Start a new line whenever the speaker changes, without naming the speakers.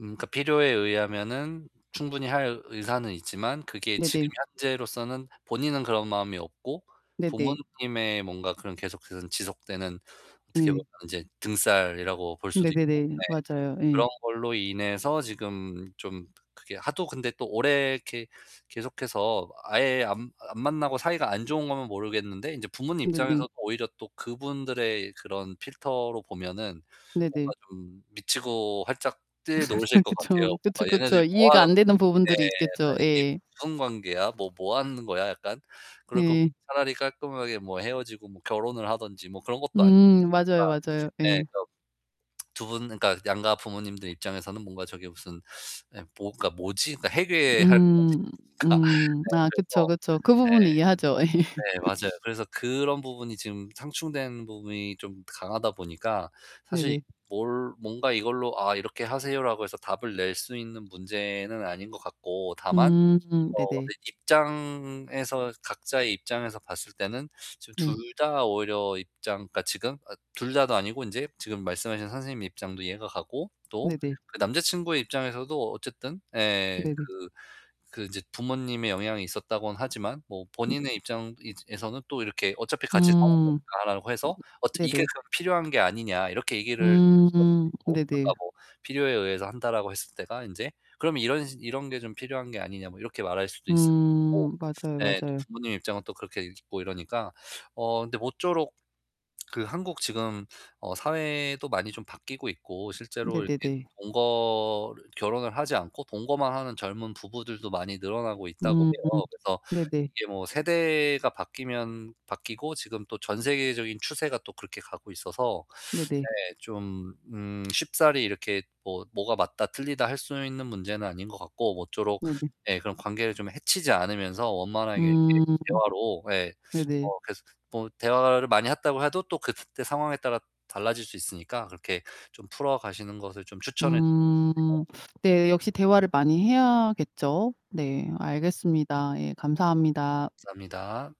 음 그니까 필요에 의하면은 충분히 할 의사는 있지만 그게 지금
네네.
현재로서는 본인은 그런 마음이 없고
네네.
부모님의 뭔가 그런 계속해서 지속되는 어떻게
네.
보면 인제 등쌀이라고 볼 수도 있고. 네.
네네네. 맞아요. 예.
그런 걸로 인해서 지금 좀 그게 하도 근데 또 오래 이렇게 계속해서 아예 안 안 만나고 사이가 안 좋은 거면 모르겠는데 인제 부모님
네네.
입장에서 오히려 또 그분들의 그런 필터로 보면은 뭔가
네네.
좀 미치고 팔짝 뛸 노릇일 거 같아요.
그쵸.
뭔가
그쵸, 그쵸.
얘네들이
이해가
뭐하는
안
건지
되는
네.
부분들이 있겠죠.
[unintelligible]
예.
무슨 관계야? 뭐, 뭐 하는 거야 약간. 그럴 거면
네.
차라리 깔끔하게 뭐 헤어지고 뭐 결혼을 하든지 뭐 그런 것도 아니고.
음
뭔가
맞아요, 맞아요.
네
예.
그런 두 분 그러니까 양가 부모님들 입장에서는 뭔가 저게 무슨 예 뭐가 뭐지? 해괴할 것
음
같아요. 그러니까 네,
음. 아 그쵸,
그래서
그쵸. 그 부분은 이해하죠. 예.
네. 네 맞아요. 그래서 그런 부분이 지금 상충된 부분이 좀 강하다 보니까 사실
네네.
뭘 뭔가 이걸로 "아 이렇게 하세요."라고 해서 답을 낼 수 있는 문제는 아닌 것 같고. 다만
음
어
네네.
근데 입장에서 각자의 입장에서 봤을 때는 지금 둘
네.
다 오히려 입장 그니까 지금 어 둘 다도 아니고 인제 지금 말씀하신 선생님 입장도 이해가 가고 또
네네.
그 남자친구의 입장에서도 어쨌든 예
네네.
그 그 인제 부모님의 영향이 있었다고는 하지만 뭐
음.
본인의 입장이 에서는 또 이렇게 "어차피
음.
같이 사는
음.
거니까."라고 해서 "어 이게
네네.
그럼 필요한 게 아니냐." 이렇게 얘기를 할 수도
음
있고 아까
네네.
뭐 필요에 의해서 한다라고 했을 때가 인제, 그럼 "이런 이런 게 좀 필요한 게 아니냐." 뭐 이렇게 말할 수도 있을 것 같고.
음 맞아요,
예 또
맞아요.
부모님 입장은 또 그렇게 있고 이러니까. 어 근데 모쪼록 그 한국 지금 어 사회도 많이 좀 바뀌고 있고 실제로 이렇게
네네네.
동거를 결혼을 하지 않고 동거만 하는 젊은 부부들도 많이 늘어나고 있다고
음
해요. 그래서
네네.
이게 뭐 세대가 바뀌면 바뀌고 지금 또 전 세계적인 추세가 또 그렇게 가고 있어서.
네네.
네 좀 음 쉽사리 이렇게 뭐 뭐가 맞다 틀리다 할 수 있는 문제는 아닌 것 같고 모쪼록
네네.
예 그런 관계를 좀 해치지 않으면서 원만하게 이렇게
음.
대화로 예
네네.
어 그래서 뭐 대화를 많이 했다고 해도 또 그때 상황에 따라 달라질 수 있으니까 그렇게 좀 풀어가시는 것을 좀 추천을 드리고
음
싶네요.
네 역시 대화를 많이 해야겠죠. 네. 알겠습니다. 예. 감사합니다.
감사합니다.